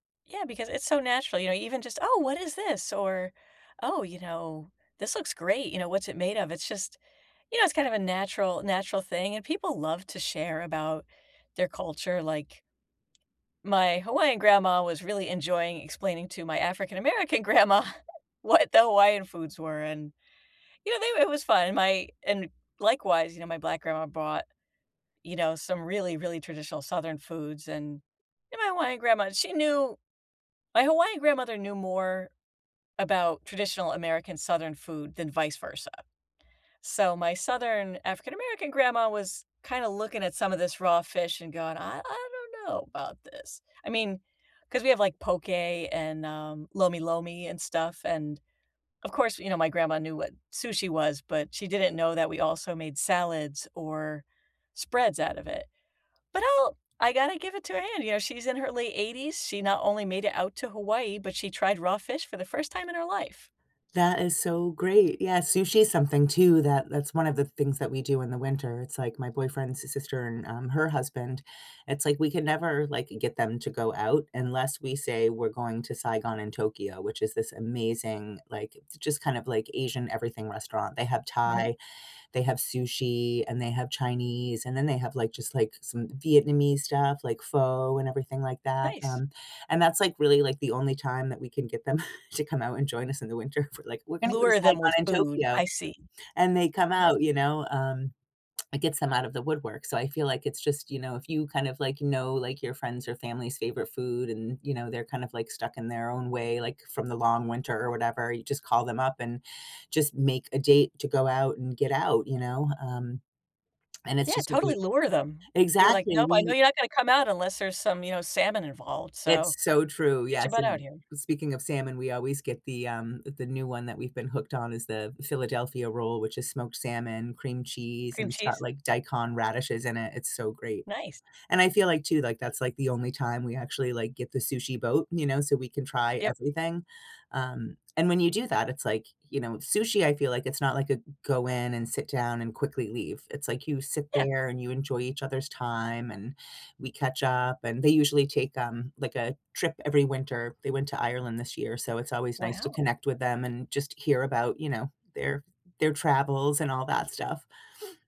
Yeah, because it's so natural, you know? Even just, "Oh, what is this?" or, "Oh, you know, this looks great, you know, what's it made of?" It's just, you know, it's kind of a natural natural thing, and people love to share about their culture, like my Hawaiian grandma was really enjoying explaining to my African-American grandma what the Hawaiian foods were, and, you know, they w it was fun, and my and likewise, you know, my black grandma brought, you know, some really, really traditional southern foods, and and my Hawaiian grandma, she knew My Hawaiian grandmother knew more about traditional American southern food than vice versa. So my southern African-American grandma was kinda looking at some of this raw fish and going, "I I don't know about this," I mean, 'cause we have, like, poke and, um, lomi-lomi and stuff, and of course, you know, my grandma knew what sushi was, but she didn't know that we also made salads or spreads out of it. But I'll I gotta give it to her hand, you know, she's in her late 80s, she not only made it out to Hawaii, but she tried raw fish for the 1st time in her life. That is so great, yeah, sushi is something too that that's one of the things that we do in the winter, it's like, my boyfriend's si sister and, um, her husband, it's like we can never, like, get them to go out unless we say we're going to Saigon& Tokyo, which is this amazing, like, j just kind of like Asian everything restaurant, they have Mhm. Thai, they have sushi, and they have Chinese, and then they have, like, just like some Vietnamese stuff like pho and everything like that, Nice. um, and that's, like, really, like, the only time that we can get them to come out and join us in the winter. We're like, "We're gonna go to Lure them with Saigon& food, Tokyo," I see. and they come Yeah. out, you know, um, it get them out of the woodwork, so I feel like it's just, you know, if you kind of like know, like, your friends or family's favorite food and, you know, they're kind of like stuck in their own way, like, from the long winter or whatever, you just call them up and just make a date to go out and get out, you know? Um, and Yeah, it's just a totally great lure them. Be like, Exactly, "Nope, I know we you're not gonna come out unless there's some, you know, salmon involved, It's so so true, get your yes, butt out and here." speaking of salmon, we always get the, um uh, the new one that we've been hooked on is the Philadelphia roll, which is smoked salmon, cream cheese, Cream and it's got, cheese? like, daikon radishes in it, it's so great. Nice. And I feel like too, like, that's, like, the only time we actually, like, get the sushi boat, you know, so we can try Yep. everything, um, and when you do that, it's like, you know, sushi, I feel like it's not, like, a go in and sit down and quickly leave, it's like you sit Yeah. there and you enjoy each other's time and we catch up, and they usually take, um, like, a trip every winter, they went to Ireland this year so it's always nice to Wow. connect with them and just hear about, you know, their their travels and all that stuff.